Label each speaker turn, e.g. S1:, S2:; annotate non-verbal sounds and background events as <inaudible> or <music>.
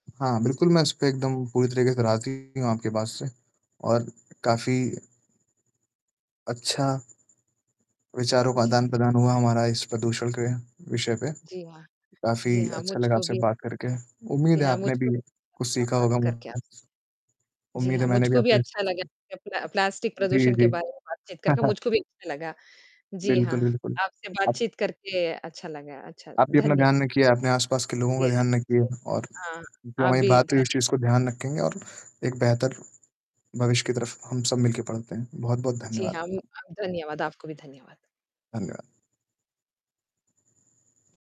S1: हाँ, बिल्कुल मैं उस पे एकदम पूरी तरीके से राज़ी हूँ आपके बात से और काफ़ी अच्छा। विचारों का
S2: जी।
S1: आदान-प्रदान हुआ हमारा इस प्रदूषण के विषय पे।
S2: जी हाँ,
S1: काफ़ी
S2: जी हाँ,
S1: अच्छा लगा
S2: मुझको
S1: आपसे
S2: भी
S1: बात करके,
S2: जी
S1: उम्मीद है
S2: हाँ,
S1: आपने
S2: मुझको
S1: भी
S2: भी
S1: कुछ सीखा
S2: बात
S1: होगा मु
S2: करके आप जी
S1: उम्मीद
S2: हाँ,
S1: है मैंने भी
S2: मुझको भी अच्छा लगा,
S1: आपसे
S2: <unintelligible> प्ला प्लास्टिक
S1: जी,
S2: प्रदूषण के
S1: जी।
S2: बारे में बातचीत करके
S1: <chuckles>
S2: मुझको भी अच्छा लगा। जी हाँ,
S1: बिल्कुल, बिल्कुल।
S2: आपसे बातचीत करके अच्छा लगा अच्छा
S1: आप भी अपना
S2: धन्य
S1: ध्यान रखिए, अपने आस-पास के लोगों का ध्यान रखिए
S2: <unintelligible>
S1: और
S2: हाँ,
S1: जो
S2: आप
S1: हमारी
S2: भी
S1: बात हुई उस
S2: धन्य
S1: चीज को ध्यान रखेंगे और एक बेहतर भविष्य की तरफ हम सब मिल के बढ़ते हैं। बहुत-बहुत
S2: जी,
S1: धन्यवाद
S2: हम
S1: आपका।
S2: धन्यवाद, आपको भी धन्यवाद।
S1: धन्यवाद।